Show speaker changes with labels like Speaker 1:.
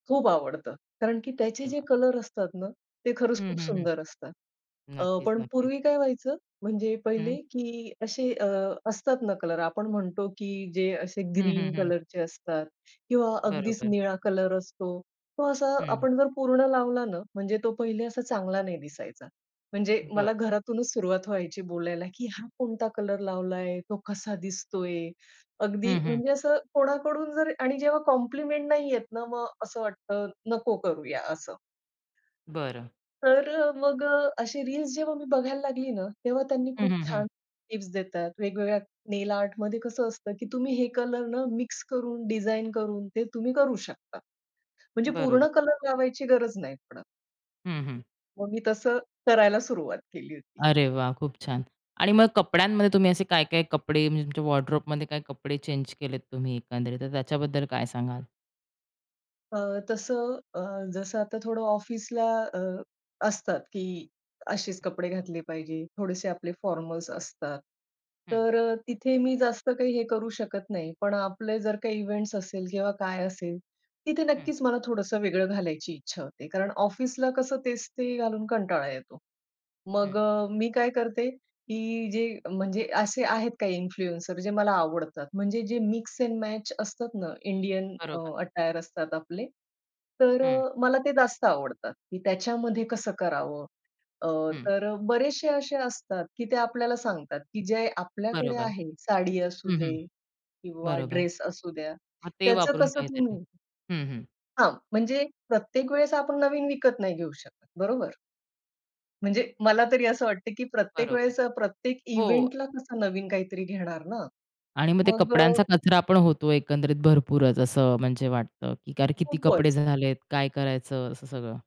Speaker 1: खूप आवडतं. कारण की त्याचे जे
Speaker 2: तेव्हा.
Speaker 1: कलर असतात ना, ते खरंच
Speaker 2: हं,
Speaker 1: खूप
Speaker 2: हं, हं.
Speaker 1: सुंदर असतात. अ,
Speaker 2: नक्कीच,
Speaker 1: पण
Speaker 2: नक्कीच.
Speaker 1: पूर्वी काय व्हायचं म्हणजे पहिले
Speaker 2: हं.
Speaker 1: की असे अ, असतात ना, कलर आपण म्हणतो की जे असे
Speaker 2: हं,
Speaker 1: ग्रीन
Speaker 2: हं, हं.
Speaker 1: कलरचे असतात किंवा अगदीच
Speaker 2: बरोबर.
Speaker 1: निळा कलर असतो. तो असा
Speaker 2: हं.
Speaker 1: आपण जर पूर्ण लावला ना, म्हणजे तो पहिले असा चांगला नाही दिसायचा. म्हणजे
Speaker 2: बरं.
Speaker 1: मला घरातूनच सुरुवात व्हायची बोलायला की "हा कोणता कलर लावलाय? तो कसा दिसतोय?" अगदी
Speaker 2: हं, हं.
Speaker 1: म्हणजे असं कोणाकडून जर आणि जेव्हा कॉम्प्लिमेंट नाही येत ना, मग असं वाटतं नको करूया असं.
Speaker 2: बरं.
Speaker 1: तर अ, मग अ, अशी रील्स जेव्हा मी बघायला लागली ना, तेव्हा त्यांनी
Speaker 2: हं,
Speaker 1: खूप
Speaker 2: हं, हं.
Speaker 1: छान टिप्स देतात. वेगवेगळ्या नेल आर्टमध्ये कसं असतं, की तुम्ही हे कलर ना, मिक्स करून डिझाइन करून ते तुम्ही करू शकता. म्हणजे पूर्ण
Speaker 2: बरोबर.
Speaker 1: कलर लावायची गरज नाही पडत.
Speaker 2: हं, हं.
Speaker 1: मग मी तसं करायला सुरुवात केली होती.
Speaker 2: अरे, वाह! खूप छान. आणि मग कपड्यांमध्ये तुम्ही असे काय, काय कपडे म्हणजे तुमच्या वॉर्डरोबमध्ये काय कपडे चेंज केलेत तुम्ही एकंदरीत तर त्याच्याबद्दल काय सांगाल?
Speaker 1: अ, तसं अ, जसं आता थोडं ऑफिसला अ, असतात की अशेच कपडे घातले पाहिजे. थोडेसे आपले फॉर्मल्स असतात.
Speaker 2: हं.
Speaker 1: तर अ, तिथे मी जास्त काही हे करू शकत नाही पण आपले जर काही इव्हेंट्स असेल किंवा काय असेल तिथे
Speaker 2: हं.
Speaker 1: नक्कीच मला थोडंसं वेगळं घालायची इच्छा होते कारण ऑफिसला कसं तेच ते घालून कंटाळा येतो. मग
Speaker 2: हं.
Speaker 1: अ, मी काय करते की जे म्हणजे असे आहेत काही इन्फ्लुएन्सर जे मला आवडतात. म्हणजे जे मिक्स एंड मॅच असतात ना, इंडियन अ,
Speaker 2: बरोबर.
Speaker 1: अटायर असतात आपले. तर अ,
Speaker 2: हं.
Speaker 1: मला ते जास्त आवडतात. की त्याच्यामध्ये कसं करावं? अ,
Speaker 2: हं.
Speaker 1: तर बरेचशे असे असतात की ते आपल्याला सांगतात की जे आपल्याकडे
Speaker 2: बरोबर.
Speaker 1: आहे साडी
Speaker 2: हं, हं.
Speaker 1: असूदे किंवा
Speaker 2: बरोबर.
Speaker 1: ड्रेस असूद्या,
Speaker 2: मग ते
Speaker 1: त्याचं
Speaker 2: वापरून
Speaker 1: कसं
Speaker 2: काहीतरी?
Speaker 1: तुम्ही
Speaker 2: हं, हं.
Speaker 1: हां. म्हणजे प्रत्येक वेळेस आपण नवीन विकत नाही घेऊ शकत. बरोबर? म्हणजे मला तरी असं वाटतं, की प्रत्येक
Speaker 2: बरोबर.
Speaker 1: वेळेस अ, प्रत्येक
Speaker 2: हो.
Speaker 1: इव्हेंटला कसं नवीन काहीतरी घेणार ना?
Speaker 2: आणि मग ते
Speaker 1: मग
Speaker 2: कपड्यांचा कचरा पण होतो एकंदरीत भरपूरच असं म्हणजे वाटतं, की अरे किती कपडे
Speaker 1: खूपच.
Speaker 2: झालेत? काय करायचं? असं सगळं.